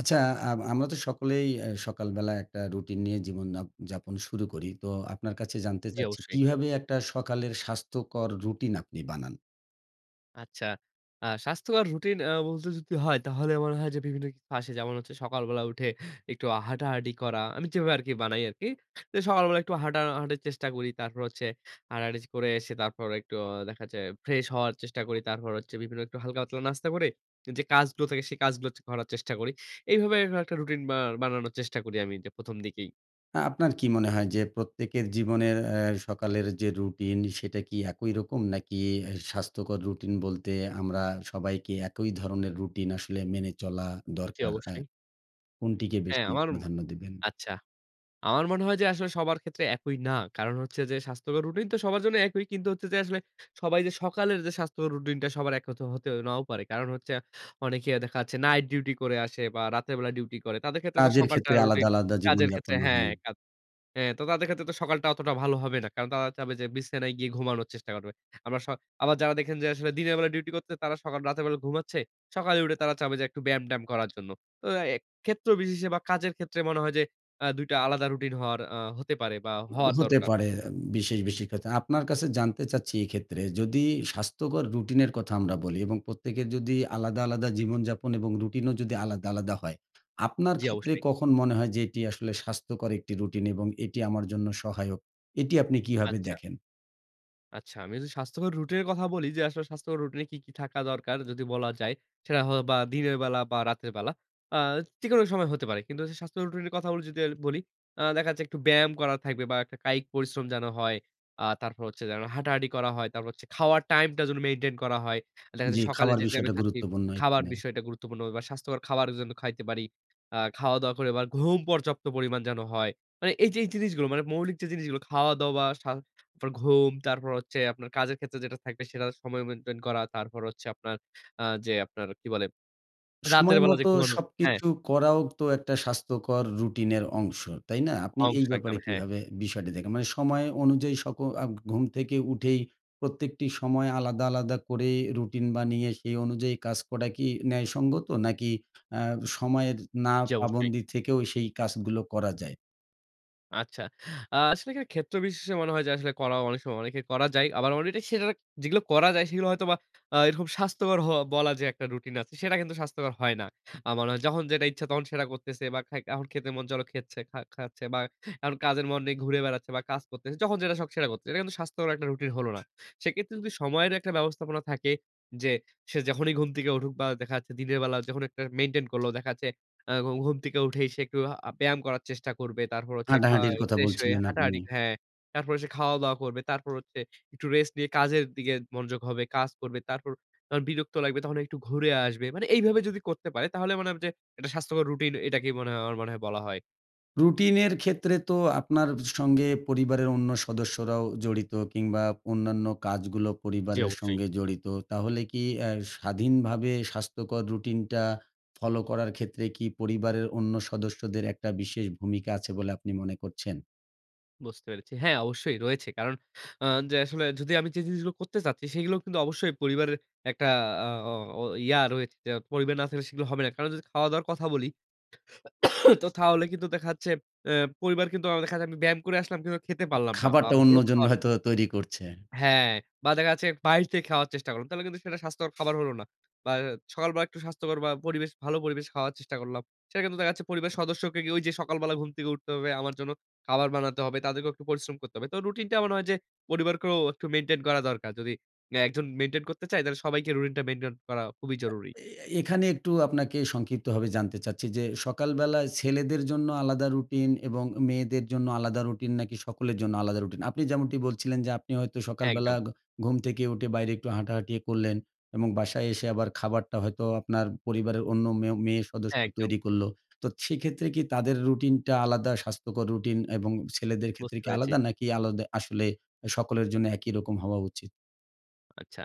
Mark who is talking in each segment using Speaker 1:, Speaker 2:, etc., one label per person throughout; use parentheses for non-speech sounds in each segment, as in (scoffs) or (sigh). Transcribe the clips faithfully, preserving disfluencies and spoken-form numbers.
Speaker 1: আচ্ছা আম আমরা তো সকলেই অ্যা সকালবেলা একটা রুটিন নিয়ে জীবন যা যাপন শুরু করি। তো আপনার কাছে জানতে
Speaker 2: জি
Speaker 1: চাচ্ছি
Speaker 2: অবশ্যই।
Speaker 1: কীভাবে একটা সকালের স্বাস্থ্যকর রুটিন আপনি বানান?
Speaker 2: আচ্ছা। আ স্বাস্থ্যকর রুটিন বলতে যদি হয় তাহলে মনে হয় যে বিভিন্ন কিছু আসে। যেমন হচ্ছে সকালবেলা উঠে একটু হাঁটাহাটি করা। আমি যেভাবে আরকি বানাই আরকি। তো সকালবেলা একটু হাটাহাঁটির চেষ্টা করি। তারপর হচ্ছে হাটাহাঁটি করে এসে তারপরে একটু দেখাচ্ছে ফ্রেশ হওয়ার চেষ্টা করি। তারপর হচ্ছে বিভিন্ন একটু হালকা পাতলা নাস্তা করে, যে কাজগুলো থাকে সে কাজগুলো চ করার চেষ্টা করি। এইভাবে এইরকম একটা রুটিন বা বানানোর চেষ্টা করি আমি যে প্রথম দিকেই।
Speaker 1: না আপনার কী মনে হয়? যে প্রত্যেকের জীবনের অ্যা সকালের যে রুটিন সেটা কি একই রকম? নাকি এ স্বাস্থ্যকর রুটিন বলতে আমরা সবাইকে একই ধরনের রুটিন আসলে মেনে চলা
Speaker 2: জি
Speaker 1: দরকার হ্যাঁ
Speaker 2: অবশ্যই।
Speaker 1: কোনটিকে
Speaker 2: হ্যাঁ
Speaker 1: বেশি
Speaker 2: আমার
Speaker 1: প্রাধান্য দেবেন?
Speaker 2: আচ্ছা। আমার মনে হয় যে আসলে সবার ক্ষেত্রে একই না। কারণ হচ্ছে যে স্বাস্থ্যকর রুটিন তো সবার জন্য একই। কিন্তু হচ্ছে যে আসলে সবাই যে সকালের যে স্বাস্থ্যকর রুটিন টা সবার একরকম হতে নাও পারে। কারণ হচ্ছে অনেকে দেখাচ্ছে নাইট ডিউটি করে আসে বা রাতের বেলা ডিউটি করে। তাদের ক্ষেত্রে তো
Speaker 1: কাজের
Speaker 2: সকালটা
Speaker 1: ক্ষেত্রে
Speaker 2: রুটিন
Speaker 1: আলাদা, আলাদা জীবন
Speaker 2: কাজের ক্ষেত্রে
Speaker 1: যাপন
Speaker 2: হ্যাঁ
Speaker 1: হয়।
Speaker 2: হ্যাঁ তো তাদের ক্ষেত্রে তো সকালটা অতটা ভালো হবে না। কারণ তারা চাবে যে বিছানায় গিয়ে ঘুমানোর চেষ্টা করবে। আবার স আবার যারা দেখেন যে আসলে দিনের বেলা ডিউটি করছে তারা সকাল রাতের বেলা ঘুমাচ্ছে। সকালে উঠে তারা চাবে যে একটু ব্যায়াম-ট্যায়াম করার জন্য। তো আ এ ক্ষেত্র বিশেষে বা কাজের ক্ষেত্রে মনে হয় যে অ্যা দুই টা আলাদা রুটিন হওয়ার আ হতে পারে বা হওয়ার
Speaker 1: হতে
Speaker 2: দরকার।
Speaker 1: পারে বিশেষ, বিশেষ ক্ষেত্রে। আপনার কাছে জানতে চাচ্ছি এক্ষেত্রে যদি স্বাস্থ্যকর রুটিনের কথা আমরা বলি এবং প্রত্যেকের যদি আলাদা, আলাদা জীবনযাপন এবং রুটিনও যদি আলাদা, আলাদা হয়, আপনার
Speaker 2: জি
Speaker 1: ক্ষেত্রে
Speaker 2: অবশ্যই।
Speaker 1: কখন মনে হয় যে এটি আসলে স্বাস্থ্যকর একটি রুটিন? এবং এটি আমার জন্য সহায়ক? এটি আপনি কীভাবে
Speaker 2: আচ্ছা।
Speaker 1: দেখেন?
Speaker 2: আচ্ছা। আমি যদি স্বাস্থ্যকর রুটের কথা বলি যে আসলে স্বাস্থ্যকর রুটিনে কি, কি থাকা দরকার যদি বলা যায়। সেটা হয়ওবা দিনের বেলা বা রাতের বেলা। আ যে কোনো সময় হতে পারে। কিন্তু যদি স্বাস্থ্যকর রুটিন এর কথাগুল যদি আর বলি, আ দেখা যাচ্ছে একটু ব্যায়াম করা থাকবে বা একটা কায়িক পরিশ্রম যেনো হয়। আ তারপর হচ্ছে যেনো হাঁটাহাঁটি করা হয়, তারপর হচ্ছে খাওয়ার টাইম টা যেনো মেইনটেইন করা হয়। আ দেখা
Speaker 1: জ্বি,
Speaker 2: যাচ্ছে সকালে
Speaker 1: খাবার
Speaker 2: যে তাইমে
Speaker 1: বিষয়টা
Speaker 2: খাচ্ছি,
Speaker 1: গুরুত্বপূর্ণ
Speaker 2: খাবার
Speaker 1: এখানে।
Speaker 2: বিষয়টা গুরুত্বপূর্ণ বা স্বাস্থ্যকর খাবারও যেন খাইতে পারি। আ খাওয়া-দাওয়া করে আবার ঘুম পর্যাপ্ত পরিমাণ যেন হয়। মানে এই যে এই জিনিসগুলো মানে মৌলিক যে জিনিসগুলো খাওয়া-দাওয়া, সা পর ঘুম তারপর হচ্ছে আপনার কাজের ক্ষেত্রে যেটা থাকবে সেটার সময় মেইনটেইন করা। তারপর হচ্ছে আপনার আ যে আপনার কি বলে রাতের
Speaker 1: সময়
Speaker 2: বেলা যে
Speaker 1: মতো
Speaker 2: ঘুমানোর হ্যাঁ।
Speaker 1: সবকিছু করাও তো একটা স্বাস্থ্যকর রুটিনের অংশ, তাই না? আপনি
Speaker 2: অংশ
Speaker 1: এই
Speaker 2: একদম।
Speaker 1: ব্যাপারে
Speaker 2: হ্যাঁ।
Speaker 1: কীভাবে বিষয়টি দেখেন? মানে সময় অনুযায়ী সক আ ঘুম থেকে উঠেই প্রত্যেকটি সময় আলাদা, আলাদা করে রুটিন বানিয়ে সেই অনুযায়ী কাজ করা কি ন্যায়সঙ্গত? নাকি আ সময়ের
Speaker 2: জ্বি
Speaker 1: না-পা
Speaker 2: অবশ্যই।
Speaker 1: বন্দি থেকেও সেই কাজগুলো করা যায়?
Speaker 2: আচ্ছা। আ আসলে এখানে ক্ষেত্রবিশেষে মনে হয় যে আসলে করা অনেক সময় অনেকের করা যায়। আবার অলরেডি সেটারাক যেগুলো করা যায় সেগুলো হয়তোবা আ এরকম স্বাস্থ্যকর হওয়া বলা যে একটা রুটিন আছে, সেটা কিন্তু স্বাস্থ্যকর হয় না। আ মানা যখন যেটা ইচ্ছা তখন সেটা করতেছে বা খাই এখন খেতে মন চলো খেচ্ছে খা খাচ্ছে বা এখন কাজের মন নেই ঘুরে বেড়াচ্ছে বা কাজ করতেছে। যখন যেটা শখ সেটা করতেছে। এটা কিন্তু স্বাস্থ্যকর একটা রুটিন হলো না। সেক্ষেত্রে যদি সময়ের একটা ব্যবস্থাপনা থাকে, যে সে যখনই ঘুম থেকে উঠুক বা দেখা যাচ্ছে দিনের বেলা যখন একটা মেইনটেইন করলো। দেখা যাচ্ছে আ ঘু ঘুম থেকে উঠেই সে একটু আ ব্যায়াম করার চেষ্টা করবে। তারপর হচ্ছে
Speaker 1: হাঁটাহাঁটির
Speaker 2: খাই
Speaker 1: কথা
Speaker 2: ফ্রেশ হয়ে
Speaker 1: বলছিলেন আপনি।
Speaker 2: হাঁটাহাঁটি, হ্যাঁ। তারপরে সে খাওয়া-দাওয়া করবে। তারপর হচ্ছে একটু রেস্ট নিয়ে কাজের দিগে মনোযোগ হবে, কাজ করবে। তারপর যখন বিরক্ত লাগবে তখন একটু ঘুরে আসবে। মানে এইভাবে যদি করতে পারে তাহলে মনে হবে যে এটা স্বাস্থ্যকর রুটিন এটাকেই মনে হয় আমার মনে হয় বলা হয়।
Speaker 1: রুটিনের ক্ষেত্রে তো আপনার স সঙ্গে পরিবারের অন্য সদস্যরাও জড়িত কিংবা অন্যান্য কাজগুলো
Speaker 2: জ্বি
Speaker 1: পরিবারের
Speaker 2: অবশ্যই।
Speaker 1: সঙ্গে জড়িত। তাহলে কি অ্যা স্বাধীনভাবে স্বাস্থ্যকর রুটিনটা ফলো করার ক্ষেত্রে কি পরিবারের অন্য সদস্যদের একটা বিশেষ ভূমিকা আছে বলে আপনি মনে করছেন?
Speaker 2: বুঝতে পেরেছি। হ্যাঁ অবশ্যই রয়েছে। কারণ আ যে আসলে যদি আমি যে জিনিসগুলো করতে চাচ্ছি সেগুলোও কিন্তু অবশ্যই পরিবারের একটা আ অ ও ইয়া রয়েছে যে, পরিবার না থাকলে সেগুলো হবে না। কারণ যদি খাওয়া-দাওয়ার কথা বলি, (coughs) তো থাহলে কিন্তু দেখা যাচ্ছে অ্যা পরিবার কিন্তু অ্যা দেখা যায় আমি ব্যায়াম করে আসলাম কিন্তু খেতে
Speaker 1: এ
Speaker 2: পারলাম না। বা
Speaker 1: খাবারটা
Speaker 2: ভালো
Speaker 1: অন্যজন
Speaker 2: খাওয়ার
Speaker 1: হয়তো তৈরি করছে।
Speaker 2: হ্যাঁ। বা দেখা যাচ্ছে বাইর থেকে খাওয়ার চেষ্টা করলাম। তাহলে কিন্তু সেটা স্বাস্থ্যকর (clicks tongue) খাবার হলো না। বা অ্যা সকালবেলা একটু স্বাস্থ্যকর বা পরিবেশ ভালো পরিবেশে খাওয়ার চেষ্টা করলাম। সেটা কিন্তু দেখা যাচ্ছে পরিবার সদস্যকে গিয়ে ওই যে সকালবেলা ঘুম থেকে উঠতে হবে, আমার জন্য খাবার বানাতে হবে, তাদেরকেও একটু পরিশ্রম করতে হবে। তো রুটিন টা এমন হয় যে পরিবারকেও একটু মেইনটেইন করা দরকার। যদি অ্যা একজন মেইনটেইন করতে চায়, তাহলে সবাইকে রুটিন টা মেইনটেইন করা খুবই
Speaker 1: আ
Speaker 2: জরুরি।
Speaker 1: এ এ এখানে একটু আপনাকে সংক্ষিপ্তভাবে জানতে চাচ্ছি যে সকালবেলা ছেলেদের জন্য আলাদা রুটিন এবং মেয়েদের জন্য আলাদা রুটিন? নাকি সকলের জন্য আলাদা রুটিন? আপনি যেমনটি বলছিলেন যে আপনি হয়তো
Speaker 2: হ্যাঁ,
Speaker 1: সকালবেলা
Speaker 2: একদম।
Speaker 1: ঘ ঘুম থেকে উঠে বাইরে একটু হাঁটাহাঁটি এ করলেন। এবং বাসায় এসে আবার খাবারটা হয়তো আপনার পরিবারের অন্য মেয়ো মেয়ে
Speaker 2: হ্যাঁ,
Speaker 1: সদস্য
Speaker 2: একদম।
Speaker 1: তৈরি করল। তো সেক্ষেত্রে কি তাদের রুটিনটা আলাদা স্বাস্থ্যকর রুটিন এবং ছেলেদের ক্ষেত্রে
Speaker 2: বুঝতে
Speaker 1: কি
Speaker 2: পেরেছি।
Speaker 1: আলাদা? নাকি আলদে আসলে আ সকলের জন্য একই রকম হওয়া উচিত?
Speaker 2: আচ্ছা।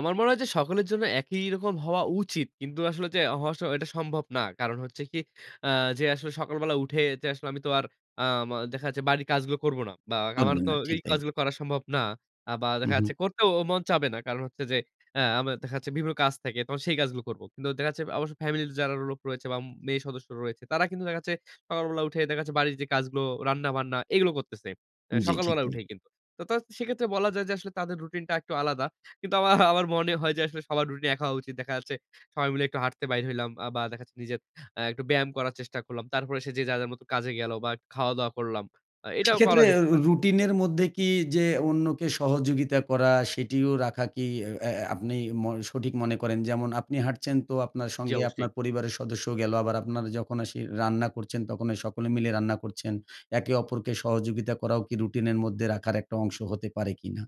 Speaker 2: আমার মনে হয় যে সকলের জন্য একই রকম হওয়া উচিত। কিন্তু আসলে যে হওয়া স এটা সম্ভব না। কারণ হচ্ছে কি, আ যে আসলে সকালবেলা উঠে যে আসলে আমি তো আর আ ম দেখা যাচ্ছে বাড়ির কাজগুলো করব না। বা আমার
Speaker 1: করবেন
Speaker 2: তো
Speaker 1: না। ঠিক
Speaker 2: এই
Speaker 1: তাই।
Speaker 2: কাজগুলো করা সম্ভব না। আ বা
Speaker 1: হু,
Speaker 2: দেখা যাচ্ছে
Speaker 1: হু।
Speaker 2: করতেও ও মন চাবে না। কারণ হচ্ছে যে আ আমার দেখা যাচ্ছে বিভিন্ন কাজ থাকে, তখন সেই কাজগুলো করব। কিন্তু দেখা যাচ্ছে আবশ্য ফ্যামিলি তে যারা লোক রয়েছে বা ম মেয়ে সদস্য রয়েছে। তারা কিন্তু দেখা যাচ্ছে সকালবেলা উঠে দেখা যাচ্ছে বাড়ির যে কাজগুলো, রান্না-বান্না এগুলো করতেছে অ্যা
Speaker 1: উম জ্বি, ঠিক
Speaker 2: সকালবেলা
Speaker 1: তাই।
Speaker 2: উঠেই কিন্তু। তা তা সেক্ষেত্রে বলা যায় যে আসলে তাদের রুটিনটা একটু আলাদা। কিন্তু আমা আমার মনে হয় যে আসলে সবার রুটিন একা হওয়া উচিত। দেখা যাচ্ছে সবাই মিলে একটু হাঁটতে বাইর হইলাম। আ বা দেখাচ্ছে নিজের আ একটু ব্যায়াম করার চেষ্টা করলাম। তারপরে এসে যে যার, যার মতো কাজে গেলো বা খাওয়াদাওয়া করলাম। আ এটাও করা
Speaker 1: সেক্ষেত্রে
Speaker 2: যেতে
Speaker 1: রু
Speaker 2: পারে।
Speaker 1: রুটিনের মধ্যে কি যে অন্যকে সহযোগিতা করা সেটিও রাখা কি এ অ্যা অ্যা আপনি ম সঠিক মনে করেন? যেমন আপনি হাঁটছেন তো আপনার
Speaker 2: জ্বি,
Speaker 1: সঙ্গে
Speaker 2: অবশ্যই।
Speaker 1: আপনার পরিবারের সদস্যও গেলো। আবার আপনার যখন এসে রান্না করছেন তখনে সকলে মিলে রান্না করছেন। একে অপরকে সহযোগিতা করাও কি রুটিনের মধ্যে রাখার একটা অংশ হতে পারে কি না?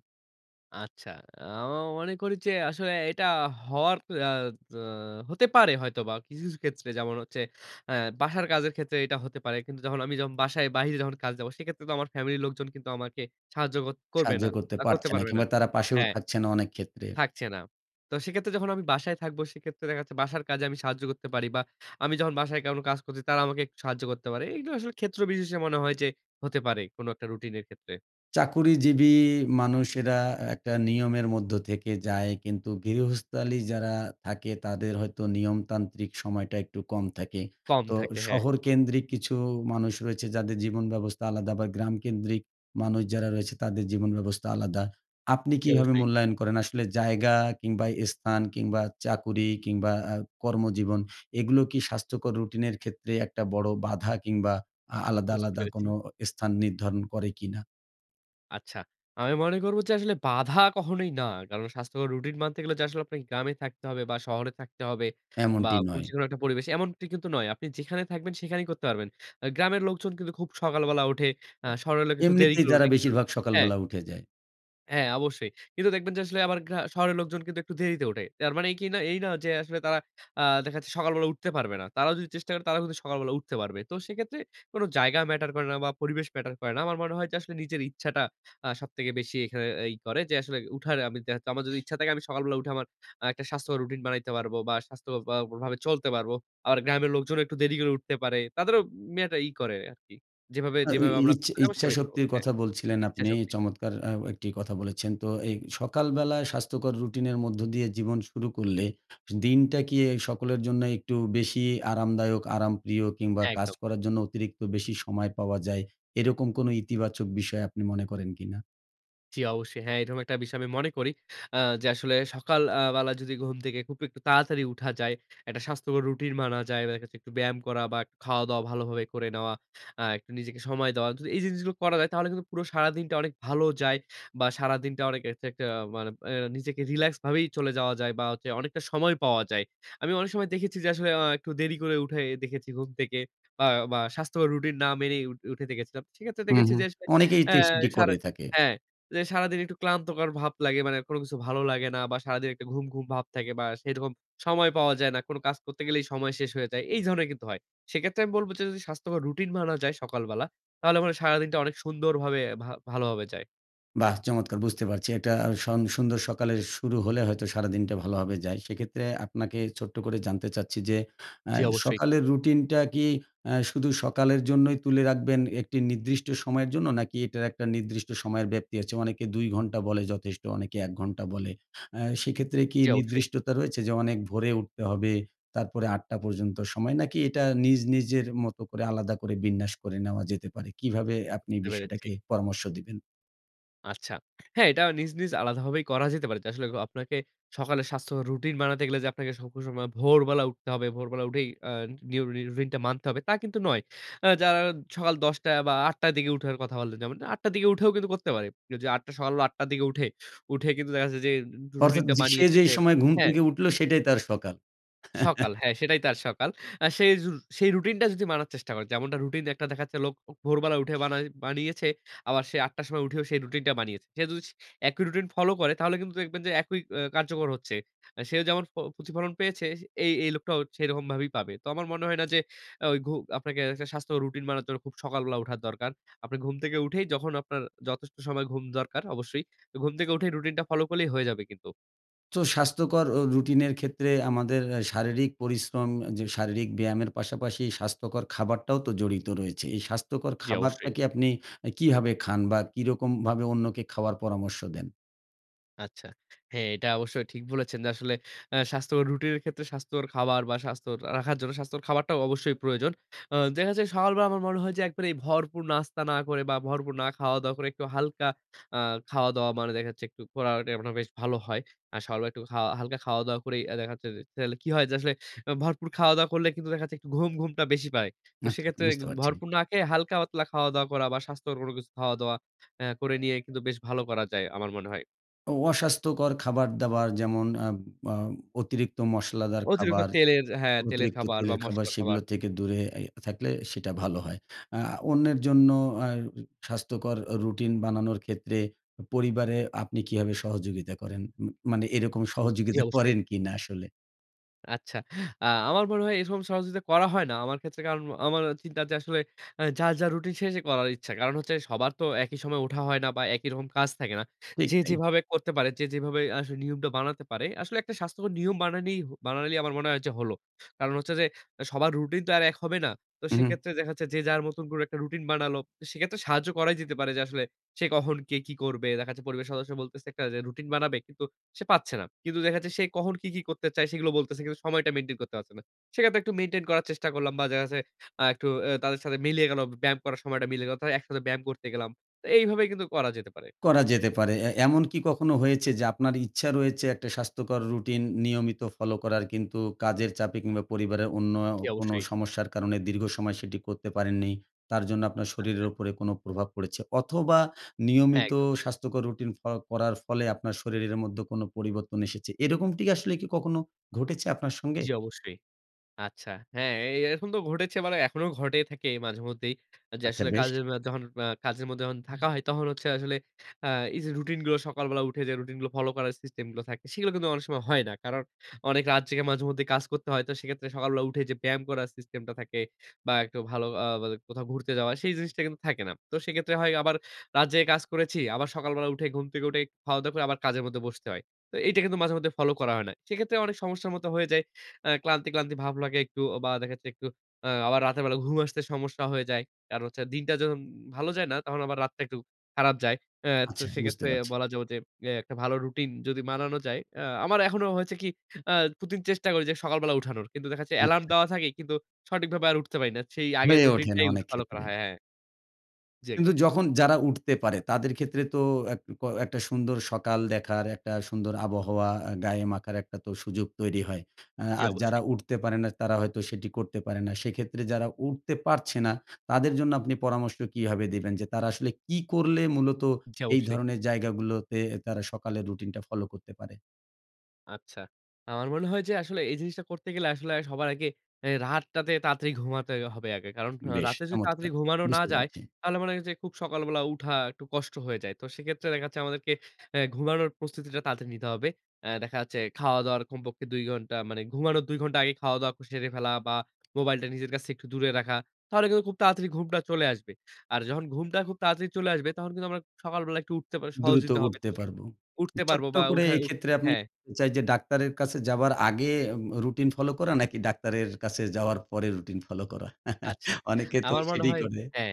Speaker 2: আচ্ছা। আমা মনে করি যে আসলে এটা হওয়ার আ দো হতে পারে হয়তোবা কিছু, কিছু ক্ষেত্রে। যেমন হচ্ছে অ্যা বাসার কাজের ক্ষেত্রে এইটা হতে পারে। কিন্তু যখন আমি যখন বাসায় বাহিরে যখন কাজে যাবো, সেক্ষেত্রে তো আমার ফ্যামিলির লোকজন কিন্তু আমাকে সাহায্য কর করবে
Speaker 1: সাহায্য
Speaker 2: না
Speaker 1: করতে
Speaker 2: বা করতে
Speaker 1: পারছে না
Speaker 2: পারবে না
Speaker 1: কিংবা তারা পাশেও
Speaker 2: হ্যাঁ।
Speaker 1: থাকছে না অনেক ক্ষেত্রে।
Speaker 2: থাকছে না। তো সেক্ষেত্রে যখন আমি বাসায় থাকব সেক্ষেত্রে দেখা যাচ্ছে বাসার কাজে আমি সাহায্য করতে পারি। বা আমি যখন বাসায় কাওনো কাজ করছি তারা আমাকে একটু সাহায্য করতে পারে। এইগুলো আসলে ক্ষেত্র বিশেষে মনে হয় যে হতে পারে। কোন একটা রুটিনের ক্ষেত্রে।
Speaker 1: চাকুরিজীবী মানুষেরা একটা নিয়মের মধ্য থেকে যায়। কিন্তু গৃহস্থালি যারা থাকে, তাদের হয়তো নিয়মতান্ত্রিক সময়টা একটু কম থাকে।
Speaker 2: কম
Speaker 1: তো
Speaker 2: থাকে। হ্যাঁ।
Speaker 1: শহরকেন্দ্রিক কিছু মানুষ রয়েছে যাদের জীবনব্যবস্থা আলাদা আবার গ্রাম কেন্দ্রিক মানুষ যারা রয়েছে তাদের জীবনব্যবস্থা আলাদা। আপনি
Speaker 2: জ্বি
Speaker 1: কীভাবে
Speaker 2: অবশ্যই।
Speaker 1: মূল্যায়ন করেন আসলে জায়গা কিংবা স্থান কিংবা চাকুরি কিংবা আ কর্মজীবন, এগুলো কি স্বাস্থ্যকর রুটিনের ক্ষেত্রে একটা বড় বাধা কিংবা আ আলাদা,
Speaker 2: বুঝতে
Speaker 1: আলাদা
Speaker 2: পেরেছি।
Speaker 1: কোনো ও স্থান নির্ধারণ করে কি না?
Speaker 2: আচ্ছা। আমি মনে করব যে আসলে বাধা কখনোই না। কারণ স্বাস্থ্যকর রুটিন মানতে গেলে যে আসলে আপনাকে গ্রামে থাকতে হবে বা শহরে থাকতে হবে বা
Speaker 1: এমনটি
Speaker 2: কোন
Speaker 1: নয়।
Speaker 2: যেকোনো একটা পরিবেশে এমনটি কিন্তু নয়। আপনি যেখানে থাকবেন সেখানেই করতে পারবেন। আ গ্রামের লোকজন কিন্তু খুব সকালবেলা উঠে, আ শহরের লোক একটু দেরি
Speaker 1: এমনিতেই
Speaker 2: করে
Speaker 1: তারা
Speaker 2: উঠে কিন্তু
Speaker 1: বেশিরভাগ
Speaker 2: হ্যাঁ।
Speaker 1: সকালবেলা উঠে যায়।
Speaker 2: হ্যাঁ আবশ্যই কিন্তু দেখবেন যে আসলে আবার গ্রা শহরের লোকজন কিন্তু একটু দেরিতে উঠে। তার মানেই কি না এই না যে আসলে তারা আ দেখা যাচ্ছে সকালবেলা উঠতে পারবে না। তারাও যদি চেষ্টা করে তারাও কিন্তু সকালবেলা উঠতে পারবে। তো সেক্ষেত্রে কোন জায়গা ম্যাটার করে না বা পরিবেশ ম্যাটার করে না। আমার মনে হয় যে আসলে নিজের ইচ্ছাটা আ সবথেকে বেশি এইখানে আ ই করে। যে আসলে উঠার আমি দেহা যাচ্ছে আমার যদি ইচ্ছা থাকে আমি সকালবেলা উঠে আমার আ একটা স্বাস্থ্যকর রুটিন বানাইতে পারব বা স্বাস্থ্য অ্যা কর ভাবে চলতে পারব। আর গ্রামের লোকজনও একটু দেরি করে উঠতে পারে। তাদেরও উম মেটা ই করে আরকি। যেভাবে,
Speaker 1: আ ওই
Speaker 2: যেভাবে আমরা
Speaker 1: ইছ
Speaker 2: করতে
Speaker 1: ইচ্ছা
Speaker 2: চাবো সেভাবেই করব।
Speaker 1: ইচ্ছাশক্তির
Speaker 2: হ্যাঁ
Speaker 1: কথা বলছিলেন
Speaker 2: ইচ্ছা
Speaker 1: আপনি।
Speaker 2: শক্তি।
Speaker 1: চমৎকার আ ও একটি কথা বলেছেন! তো এই সকালবেলায় স্বাস্থ্যকর রুটিনের মধ্য দিয়ে জীবন শুরু করলে, দিনটা কি এই সকলের জন্যই একটু বেশি আরামদায়ক, আরামপ্রিয় কিংবা কাজ
Speaker 2: একদম।
Speaker 1: করার জন্য অতিরিক্ত বেশি সময় পাওয়া যায়, এরকম কোনো ইতিবাচক বিষয় আপনি মনে করেন কি না?
Speaker 2: জ্বি অবশ্যই। হ্যাঁ, এরকম একটা বিষয় আমি মনে করি আ যে আসলে সকাল আ বেলা যদি ঘুম থেকে খুব একটু তাড়াতাড়ি উঠা যায়, একটা স্বাস্থ্যকর রুটিন মানা যায়। বা দেখা যাচ্ছে একটু ব্যায়াম করা বা খাওয়া-দাওয়া ভালোভাবে করে নেওয়া, আ একটু নিজেকে সময় দেওয়া। যদি এই জিনিসগুলো করা যায় তাহলে কিন্তু পুরো সারাদিনটা অনেক ভালো যায়। বা সারাদিনটা অনেক এরচে একটা মানে আ নিজেকে রিল্যাক্স ভাবেই চলে যাওয়া যায়। বা হচ্ছে অনেকটা সময় পাওয়া যায়। আমি অনেক সময় দেখেছি যে আসলে আ একটু দেরি করে উঠে দেখেছি ঘুম থেকে আ বা স্বাস্থ্যকর রুটিন না মেনেই উঠ উঠে দেখেছিলাম। সেক্ষেত্রে
Speaker 1: হু,
Speaker 2: দেখেছি
Speaker 1: হু।
Speaker 2: যে আসলে
Speaker 1: অনেকে এই
Speaker 2: অ্যা
Speaker 1: তেস্টাটি
Speaker 2: সারা
Speaker 1: করে থাকে।
Speaker 2: হ্যাঁ। যে সারাদিন একটু ক্লান্তকর ভাব লাগে মানে কোন কিছু ভালো লাগে না। বা সারাদিন একটা ঘুম, ঘুম ভাব থাকে বা সেরকম সময় পাওয়া যায় না। কোন কাজ করতে গেলেই সময় শেষ হয়ে যায়, এই ধরনের কিন্তু হয়। সেক্ষেত্রে আমি বলব যে যদি স্বাস্থ্যকর রুটিন মানা যায় সকালবেলা, তাহলে মনে হয় সারাদিনটা অনেক সুন্দরভাবে ভা ভালোভাবে যায়।
Speaker 1: বাহ! চমৎকার! বুঝতে পারছি। একটা আ সং সুন্দর সকালের শুরু হলে হয়তো সারাদিনটা ভালোভাবে যায়। সেক্ষেত্রে আপনাকে ছোট্ট করে জানতে চাচ্ছি যে অ্যা
Speaker 2: জ্বি অবশ্যই।
Speaker 1: সকালের রুটিনটা কি অ্যা শুধু সকালের জন্যই তুলে রাখবেন একটি নির্দিষ্ট সময়ের জন্য? নাকি এটার একটা নির্দিষ্ট সময়ের ব্যাপ্তি আছে? অনেকে দুই ঘন্টা বলে যথেষ্ট, অনেকে এক ঘন্টা বলে। অ্যা সেক্ষেত্রে কি
Speaker 2: জ্বি অবশ্যই।
Speaker 1: নির্দিষ্টতা রয়েছে? যে অনেক ভোরে উঠতে হবে, তারপরে আট টা পর্যন্ত সময়। নাকি এটা নিজ নিজের মতো করে আলাদা করে বিন্যাস করে নেওয়া যেতে পারে? কীভাবে আপনি
Speaker 2: বুঝতে পেরেছি।
Speaker 1: বিষয়টাকে পরামর্শ দিবেন?
Speaker 2: আচ্ছা। হ্যাঁ এটা নিজ, নিজ আলাদাভাবেই করা যেতে পারে। তো আসলে অ আপনাকে সকালে স্বাস্থ্য রুটিন বানাতে গেলে যে আপনাকে সব সময় ভোরবেলা উঠতে হবে, ভোরবেলা উঠেই আ নিয়ম রু রুইন টা মানতে হবে, তা কিন্তু নয়। আ যারা সকাল দশ টায় বা আট টার দিকে উঠার কথা বলে। যেমন আট টার দিকে উঠেও কিন্তু করতে পারে। যদি আট টা সকাল বেলা আটটার দিকে উঠে, উঠে কিন্তু দেখা যাচ্ছে যে উম রু
Speaker 1: অর্থাৎ
Speaker 2: রুটিন টা
Speaker 1: যে সেই
Speaker 2: বানিয়েছে
Speaker 1: যে
Speaker 2: যে
Speaker 1: সময় ঘুম
Speaker 2: হ্যাঁ।
Speaker 1: থেকে উঠল সেটাই তার সকাল।
Speaker 2: সকাল।
Speaker 1: (chuckles)
Speaker 2: হ্যাঁ সেটাই তার সকাল। আ সেই রু সেই রুটিনটা যদি মানার চেষ্টা করে। যেমনটা রুটিন একটা দেখাচ্ছে লোক ও ভোরবেলা উঠে বানাই বানিয়েছে। আবার সে আট টার সময় উঠেও সেই রুটিনটা বানিয়েছে। সে যদি স একই রুটিন ফলো করে, তাহলে কিন্তু দেখবেন যে একই এ কার্যকর হচ্ছে। অ্যা সেও যেমন ফ প্রতিফলন পেয়েছে সে এ এই লোকটাও সেরকমভাবেই পাবে। তো আমার মনে হয় না যে আ ওই ঘু আপনাকে একটা স্বাস্থ্যকর রুটিন বানার জন্য খুব সকালবেলা উঠার দরকার। আপনি ঘুম থেকে উঠেই যখন আপনার যথেষ্ট সময় ঘুম দরকার অবশ্যই। তো ঘুম থেকে উঠেই রুটিনটা ফলো করলেই হয়ে যাবে কিন্তু।
Speaker 1: তো স্বাস্থ্যকর ও রুটিনের ক্ষেত্রে আমাদের অ্যা শারীরিক পরিশ্রম যে শারীরিক ব্যায়ামের পাশাপাশি স্বাস্থ্যকর খাবারটাও তো জড়িত রয়েছে। এই স্বাস্থ্যকর
Speaker 2: জ্বি অবশ্যই।
Speaker 1: খাবারটাকে আপনি আ কীভাবে খান বা কিরকমভাবে অন্যকে খাওয়ার পরামর্শ দেন?
Speaker 2: আচ্ছা। হ্যাঁ এটা অবশ্যই ঠিক বলেছেন যে আসলে অ্যা স্বাস্থ্যকর রুটিনের ক্ষেত্রে স্বাস্থ্যকর খাবার বা স্বাস্থ্য র রাখার জন্য স্বাস্থ্যকর খাবারটাও অবশ্যই প্রয়োজন। আ দেখা যায় সকাল বেলা আমার মনে হয় যে একবারে এই ভরপুর নাস্তা না করে বা ভরপুর না খাওয় দাওয়া করে একটু হালকা আ খাওয়া-দাওয়া মানে দেখা যাচ্ছে একটু (unintelligible) মানে বেশ ভালো হয়। আর সকাল বেলা একটু খাওয়া হালকা খাওয়া-দাওয়া করেই আ দেখা যাচ্ছে যে তাইলে কি হয় যে আসলে অ্যা ভরপুর খাওয়া-দাওয়া করলে কিন্তু দেখা যাচ্ছে একটু ঘুম, ঘুমটা বেশি পায়। তো
Speaker 1: আচ্ছা
Speaker 2: সেক্ষেত্রে গ
Speaker 1: বুঝতে পারছি।
Speaker 2: ভরপুর না খেয়ে হালকা-পাতলা খাওয়া দাওয়া করা বা স্বাস্থ্যকর কোন কিছু খাওয়া-দাওয়া অ্যা করে নিয়েই কিন্তু বেশ ভালো করা যায় আমার মনে হয়।
Speaker 1: অ অস্বাস্থ্যকর খাবারদাবার যেমন আ আ অতিরিক্ত মশলাদার
Speaker 2: অতিরিক্ত
Speaker 1: খাবার,
Speaker 2: তেলের হ্যাঁ তেলের
Speaker 1: অতিরিক্ত
Speaker 2: খাবার বা
Speaker 1: তেলের খাবার
Speaker 2: মসলার খাবার।
Speaker 1: সেগুলো থেকে দূরে এ থাকলে সেটা ভালো হয়। আ অন্যের জন্য অ্যা স্বাস্থ্যকর রুটিন বানানোর ক্ষেত্রে পরিবারে আপনি কীভাবে সহযোগিতা করেন? ম মানে এরকম
Speaker 2: জ্বি
Speaker 1: সহযোগিতা
Speaker 2: অবশ্যই।
Speaker 1: করেন কিনা আসলে?
Speaker 2: আচ্ছা। আ আমার মনে হয় এরকম সহযোগিতা করা হয় না। আমার ক্ষেত্রে কারন আমার চিন্তার যে আসলে অ্যা যার, যার রুটিন সে, সে করার ইচ্ছা। কারণ হচ্ছে সবার তো একই সময় ওঠা হয় না বা একই রকম কাজ থাকে না।
Speaker 1: ঠিক
Speaker 2: যে
Speaker 1: তাই।
Speaker 2: যেভাবে করতে পারে, যে যেভাবে আসলে নিয়মটা বানাতে পারে। আসলে একটা স্বাস্থ্যকর নিয়ম বানানেই হ বানাইলেই আমার মনে হয় যে হলো। কারণ হচ্ছে যে অ্যা সবার রুটিন তো আর এক হবে না। তো
Speaker 1: উহু।
Speaker 2: সেক্ষেত্রে দেখা যাচ্ছে যে যার মতন করে একটা রুটিন বানালো। তো সেক্ষেত্রে সাহায্য করাই যেতে পারে। যে আসলে সে কখন কে কি করবে? দেখা যাচ্ছে পরিবারের সদস্য বলতেছে একটা যে রুটিন বানাবে, কিন্তু সে পাচ্ছে না। কিন্তু দেখা যাচ্ছে সে কখন কী, কী করতে চায় সেগুলো বলতেছে। কিন্তু সময়টা মেইনটেইন করতে পারছে না। সেক্ষেত্রে একটু মেইনটেইন করার চেষ্টা করলাম বা দেখা যাচ্ছে আ একটু অ্যা তাদের সাথে মিলিয়ে গেলো, ব ব্যায়াম করার সময়টা মিলে গেল। তা একসাথে ব্যায়াম করতে গেলাম। তো এইভাবেই কিন্তু করা যেতে পারে।
Speaker 1: করা যেতে পারে। এ এমন কি কখনো হয়েছে যে আপনার ইচ্ছা রয়েছে একটা স্বাস্থ্যকর রুটিন নিয়মিত ফলো করার কিন্তু কাজের চাপে কিংবা পরিবারের অন্য
Speaker 2: জ্বি
Speaker 1: কোনো
Speaker 2: অবশ্যই।
Speaker 1: সমস্যার কারণে দীর্ঘ সময় সেটি করতে পারেননি? তার জন্য আপনার শরীরের
Speaker 2: আচ্ছা।
Speaker 1: উপরে কোনো প্রভাব পড়েছে? অথবা
Speaker 2: হ্যাঁ
Speaker 1: নিয়মিত
Speaker 2: একদম।
Speaker 1: স্বাস্থ্যকর রুটিন ক করার ফলে আপনার শরীরের মধ্যে কোনো পরিবর্তন এসেছে? এরকমটি আসলে কি কখনো ঘটেছে আপনার সঙ্গে?
Speaker 2: জ্বি অবশ্যই। আচ্ছা। হ্যাঁ এ এরকম তো ঘটেছে মানে এখনো ঘটেই থাকে মাঝেমধ্যেই। আ যে
Speaker 1: আচ্ছা
Speaker 2: আসলে
Speaker 1: বেশ।
Speaker 2: কাজের অ্যা যখন আ কাজের মধ্যে যন থাকা হয়, তহন হচ্ছে আসলে আ এই যে রুটিন গুলো সকালবেলা উঠে যে রুটিন গুলো ফলো করার সিস্টেম গুলো থাকে। সেগুলো কিন্তু অনেক সময় হয় না। কারণ অনেক রাত জেগে মাঝেমধ্যেই কাজ করতে হয়। তো সেক্ষেত্রে সকালবেলা উঠে যে ব্যায়াম করার সিস্টেম টা থাকে, বা একটু ভালো আ বা কোথাও ঘুরতে যাওয়া, সেই জিনিসটা কিন্তু থাকে না। তো সেক্ষেত্রে হয় আবার রাত জেগে কাজ করেছি। আবার সকালবেলা উঠেই ঘুম থেকে উঠেই, খাওয়া-দাওয়া করে আবার কাজের মধ্যে বসতে হয়। তো এইটা কিন্তু মাঝে-মধ্যে ফলো করা হয় না। সেক্ষেত্রে অনেক সমস্যার মত হয়ে যায়। অ্যা ক্লান্তি, ক্লান্তি ভাব লাগে একটু। অ বা দেখা একটু আ আবার রাতের বেলা ঘুম আসতে সমস্যা হয়ে যায়। কারণ হচ্ছে দিনটা যখন ভালো যায় না, তখন আবার রাতটা একটু খারাপ যায়। অ্যা তো
Speaker 1: আচ্ছা বুঝতে
Speaker 2: সেক্ষেত্রে
Speaker 1: পারছি।
Speaker 2: বলা যাবে যে অ্যা একটা ভালো রুটিন যদি মানানো যায়। আ আমার এখনো হয়েছে কি আ প্রতিদিন চেষ্টা করি যে সকালবেলা উঠানোর। কিন্তু দেখা যাচ্ছে এলার্ম
Speaker 1: আচ্ছা।
Speaker 2: দেওয়া থাকে কিন্তু সঠিকভাবে আর উঠতে পারি না। সেই আগের
Speaker 1: হয়ে
Speaker 2: রুটিন
Speaker 1: ওঠে না
Speaker 2: টাই উঠ
Speaker 1: অনেক
Speaker 2: ফলো করা
Speaker 1: ক্ষেত্রে।
Speaker 2: হয় হ্যাঁ, হ্যাঁ। জ্বি একদম। জ্বি
Speaker 1: কিন্তু
Speaker 2: একদম।
Speaker 1: যখন যারা উঠতে পারে তাদের ক্ষেত্রে তো এক ক একটা সুন্দর সকাল দেখার একটা সুন্দর আবহাওয়া এ গায়ে মাখার একটাতো সুযোগ তৈরি হয়। আ
Speaker 2: জ্বি
Speaker 1: আর যারা
Speaker 2: অবশ্যই।
Speaker 1: উঠতে পারে না তারা হয়তো সেটি করতে পারে না। সেক্ষেত্রে যারা উঠতে পারছে না তাদের জন্য আপনি পরামর্শ কীভাবে দিবেন? যে তারা আসলে কী করলে মূলত
Speaker 2: জ্বি
Speaker 1: এই
Speaker 2: অবশ্যই।
Speaker 1: ধরনের জায়গাগুলোতে তারা সকালের রুটিনটা ফলো করতে পারে?
Speaker 2: আচ্ছা। আমার মনে হয় যে আসলে এই জিনিসটা করতে গেলে আসলে আ সবার আগে এ রাতটাতে তাড়াতাড়ি ঘুমাতে হবে আগে। কারণ আ
Speaker 1: বেশ
Speaker 2: রাতে যদি
Speaker 1: চমৎকার!
Speaker 2: তাড়াতাড়ি ঘুমানো না
Speaker 1: বুঝতে
Speaker 2: যায়
Speaker 1: পারছি।
Speaker 2: তাহলে মনে করেন যে খুব সকালবেলা উঠা একটু কষ্ট হয়ে যায়। তো সেক্ষেত্রে দেখা যাচ্ছে আমাদেরকে অ্যা ঘুমানোর প্রস্তুতিটা তাড়াতাড়ি নিতে হবে। অ্যা দেখা যাচ্ছে খাওয়া-দাওয়ার কমপক্ষে দুই ঘন্টা মানে ঘুমানোর দুই ঘন্টা আগে খাওয়া-দাওয়া ক সেরে ফেলা বা মোবাইলটা নিজের কাছ একটু দূরে রাখা। তাহলে কিন্তু খুব তাড়াতাড়ি ঘুমটা চলে আসবে। আর যখন ঘুমটা খুব তাড়াতাড়ি চলে আসবে তখন কিন্তু আমরা সকালবেলা একটু উঠতে বা সহজই
Speaker 1: দ্রুত
Speaker 2: তো হবে। তো
Speaker 1: উঠতে
Speaker 2: সে
Speaker 1: পারব।
Speaker 2: উঠতে পারব
Speaker 1: ছোট্ট
Speaker 2: বা
Speaker 1: করে
Speaker 2: উঠা উঠ
Speaker 1: এক্ষেত্রে আপনি
Speaker 2: হ্যাঁ।
Speaker 1: (unintelligible) চাই যে ডাক্তারের কাছে যাবার আগে উম রুটিন ফলো করা নাকি ডাক্তারের কাছে যাওয়ার পরে রুটিন ফলো করা? (chuckles)
Speaker 2: আচ্ছা।
Speaker 1: অনেকে তো
Speaker 2: আমার মনে
Speaker 1: সেটাই
Speaker 2: হয়
Speaker 1: করে।
Speaker 2: হ্যাঁ।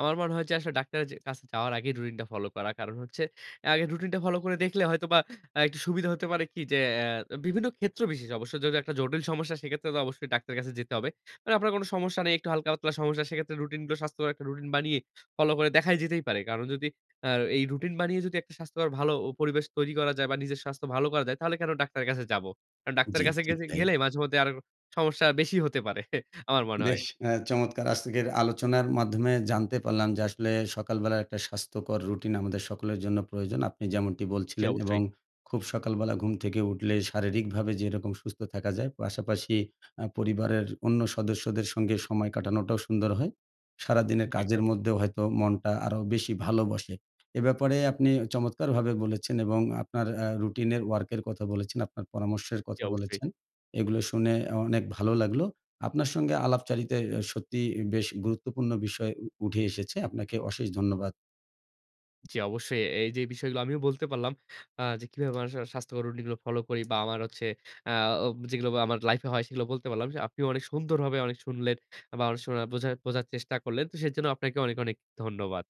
Speaker 2: আমার মনে হয় যে আসলে ডাক্তারের যে কাছে যাওয়ার আগেই রুটিন টা ফলো করা। কারণ হচ্ছে আ আগে রুটিন টা ফলো করে দেখলে হয়তোবা আ একটু সুবিধা হতে পারে কি যে অ্যা বিভিন্ন ক্ষেত্র বিশেষে অবশ্য। যদি একটা জটিল সমস্যা সেক্ষেত্রে তো অবশ্যই ডাক্তারের কাছে যেতে হবে। মানে আপনার কোন সমস্যা নেই, একটু হালকা-পাতলা সমস্যা। সেক্ষেত্রে রুটিনগুলো স্বাস্থ্যকর একটা রুটিন বানিয়ে ফলো করে দেখাই যেতেই পারে। কারণ যদি অ্যা এই রুটিন বানিয়ে যদি একটা স্বাস্থ্যকর ভালো ও পরিবেশ তৈরি করা যায় বা নিজের স্বাস্থ্য ভালো করা যায়, তাহলে কেন ডাক্তারের কাছে যাবো? কারণ ডাক্তারের
Speaker 1: জি।
Speaker 2: কাছে
Speaker 1: ঠিক
Speaker 2: গেছে
Speaker 1: তাই।
Speaker 2: গেলে মাঝেমধ্যে আরো সমস্যা বেশি হতে পারে। (scoffs) আমার মনে হয়।
Speaker 1: বেশ আ চমৎকার! আজতেকের আলোচনার মাধ্যমে জানতে পারলাম যে আসলে সকালবেলার একটা স্বাস্থ্যকর রুটিন আমাদের সকলের জন্য প্রয়োজন আপনি যেমনটি
Speaker 2: জি
Speaker 1: বলছিলেন। এবং
Speaker 2: অবশ্যই।
Speaker 1: খুব সকালবেলা ঘুম থেকে উঠলে শারীরিকভাবে যেরকম সুস্থ থাকা যায় পাশাপাশি আ পরিবারের অন্য সদস্যদের সঙ্গে সময় কাটানোটাও সুন্দর হয়। সারা দিনের
Speaker 2: জি। (unintelligible)
Speaker 1: কাজের মধ্যেও হয়তো মনটা আরো বেশি ভালোবাসে। এ ব্যাপারে আপনি চমৎকারভাবে বলেছেন এবং আপনার আ রুটিন এর ওয়ার্কের এর কথা বলেছেন, আপনার পরামর্শের
Speaker 2: জি
Speaker 1: কথা
Speaker 2: অবশ্যই।
Speaker 1: বলেছেন। এগুলো শুনে আ অনেক ভালো লাগলো। আপনার সঙ্গে আলাপচারিতায় আ সত্যিই বেশ গুরুত্বপূর্ণ বিষয় উ উঠে এসেছে। আপনাকে অশেষ ধন্যবাদ।
Speaker 2: জি অবশ্যই। এ এই যেই বিষয়গুলো আমিও বলতে পারলাম আ যে কিভাবে মানুষের আ স্বাস্থ্যকর রুটিন গুলো ফলো করি বা আমার হচ্ছে আ ও যেগুলো আবার আমার লাইফে হয় সেগুলো বলতে পারলাম। সে আপনিও অনেক সুন্দরভাবে অনেক শুনলেন আ বা অনেক শোনা বোঝা বোঝার চেষ্টা করলেন। তো সেজন্য আপনাকে অনেক, অনেক ধন্যবাদ।